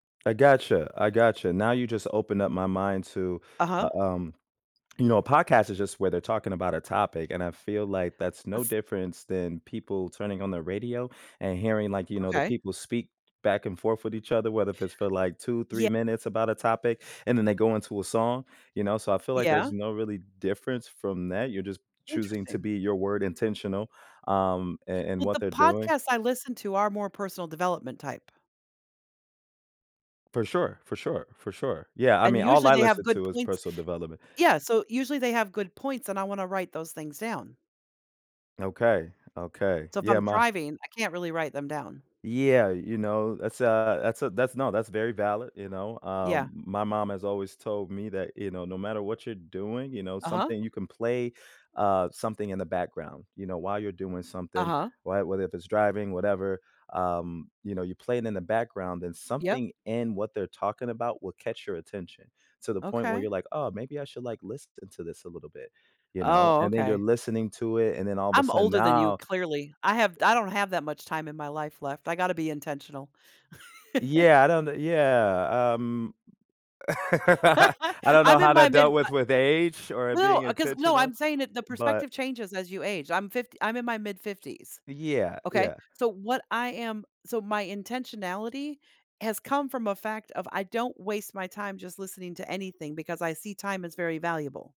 I gotcha. I gotcha. Now you just opened up my mind to, Uh-huh. u um You know, a podcast is just where they're talking about a topic, and I feel like that's no Was difference than people turning on the radio and hearing, like, you know, the Okay. people speak back and forth with each other, whether if it's for, like, 2, 3 Yea minutes about a topic, and then they go into a song, you know? So, I feel like Yeah. there's no really difference from that. You're just choosing to Interesting. be your word intentional, um, in in Well, what the they're doing. podcasts I listen to are more personal development type For sure, for sure, for sure. Yeah, I and mean, all usually I they have listen good to is points personal development. Yeah, so usually they have good points, and I wanna write those things down. Okay, okay. So, if Yeah, I'm my driving, I can't really write them down. Yeah, you know, that's, a that's a that's No, that's very valid, you know. Um, Yeah. my mom has always told me that, you know, no matter what you're doing, you know, Uh-huh. something you can play, uh, something in the background, you know, while you're doing something, Uh-huh. why whether if it's driving, whatever, um, you know, you're playing in the background, then Yep. something in what they're talking about will catch your attention to the point where Okay. you're like, "Oh, maybe I should, like, listen into this a little bit," you know, Oh, and then you're okay. listening to it, and then all of a I'm sudden older than you, now clearly. I have I don't have that much time in my life left. I gotta be intentional. Yeah, I don't kno Yeah um, I don't know I'm how in my that dealt mid, uh with with age or it No, being uh, 'cause No, intentional, I'm saying it the but perspective changes as you age, I'm 50 I'm in my mid-fifties, Yeah, okay? yeah. So, what I am So my intentionality has come from a fact of I don't waste my time just listening to anything because I see time as very valuable.